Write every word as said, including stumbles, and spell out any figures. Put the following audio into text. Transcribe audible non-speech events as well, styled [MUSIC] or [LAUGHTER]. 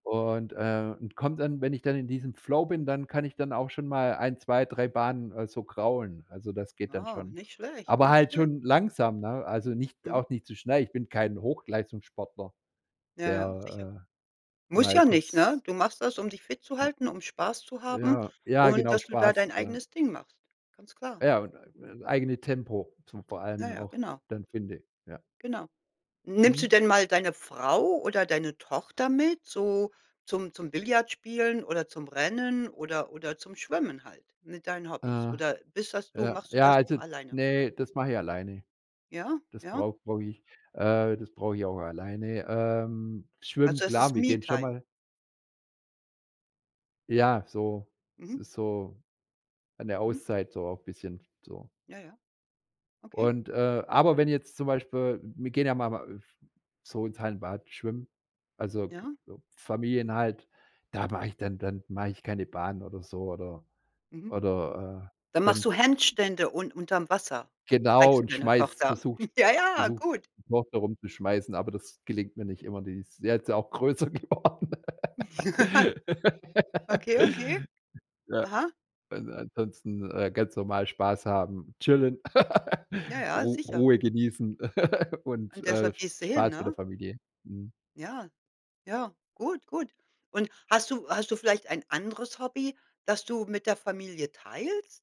Und, ähm und kommt dann wenn ich dann in diesem Flow bin, dann kann ich dann auch schon mal ein, zwei, drei Bahnen, äh, so kraulen. Also, das geht dann Wow, schon. nicht schlecht, Aber nicht halt schlecht. schon langsam, ne, also, nicht Mhm. auch nicht zu schnell. Ich bin kein Hochleistungssportler, Ja, ja. Sicher. der, äh, Muss mal ja nicht, kurz ne? Du machst das, um dich fit zu Ne halten, um Spaß zu haben ja, ja und genau, dass du da Spaß dein ver eigenes Ding machst. Ganz klar. Ja, und ä ä eigene Tempo v vor Ja, allem ja, auch genau. dann finde. Ja. Genau. Nimmst du Mhm. denn mal deine Frau oder deine Tochter mit, so zum zum Billard spielen oder zum Rennen oder oder zum Schwimmen halt mit deinen Hobbys? Äh. Oder bist das du Ja. machst du Ja, das also nur alleine? ne, das mache ich alleine. Ja, Das ja. brauch brauche ich, äh das brauche ich auch alleine. Ähm, schwimmen, Also es klar, ist wir gehen schon Me-Time? mal Ja, so es Mhm. ist so an der Mhm. Auszeit so auch bisschen so. Ja, ja. Okay. Und, äh aber wenn jetzt zum Beispiel wir gehen ja mal a f so ins Hallenbad schwimmen, also, k Ja. Familien halt, da mache ich dann dann mache ich keine Bahnen oder so oder Mhm. oder, äh, Dann machst dann du Handstände, un unterm Wasser Genau trägst du und deine schmeiß Tochter? versuch [CHUCKLES] Ja, ja, versuch, gut. die Tochter herumzuschmeißen, aber das gelingt mir nicht immer. Die ist jetzt ja auch größer geworden. [LAUGHS] Okay, okay. [LAUGHS] Ja. Aha. Also, ansonsten, äh, ganz normal Spaß haben, chillen, Ja, [LAUGHS] ja, Ru sicher. Ruhe genießen [LAUGHS] und, Und äh, deshalb Sp gehst du hin, Spaß mit der ne? Familie. Mhm. Ja, ja, gut, gut. Und hast du hast du vielleicht ein anderes Hobby, das du mit der Familie teilst?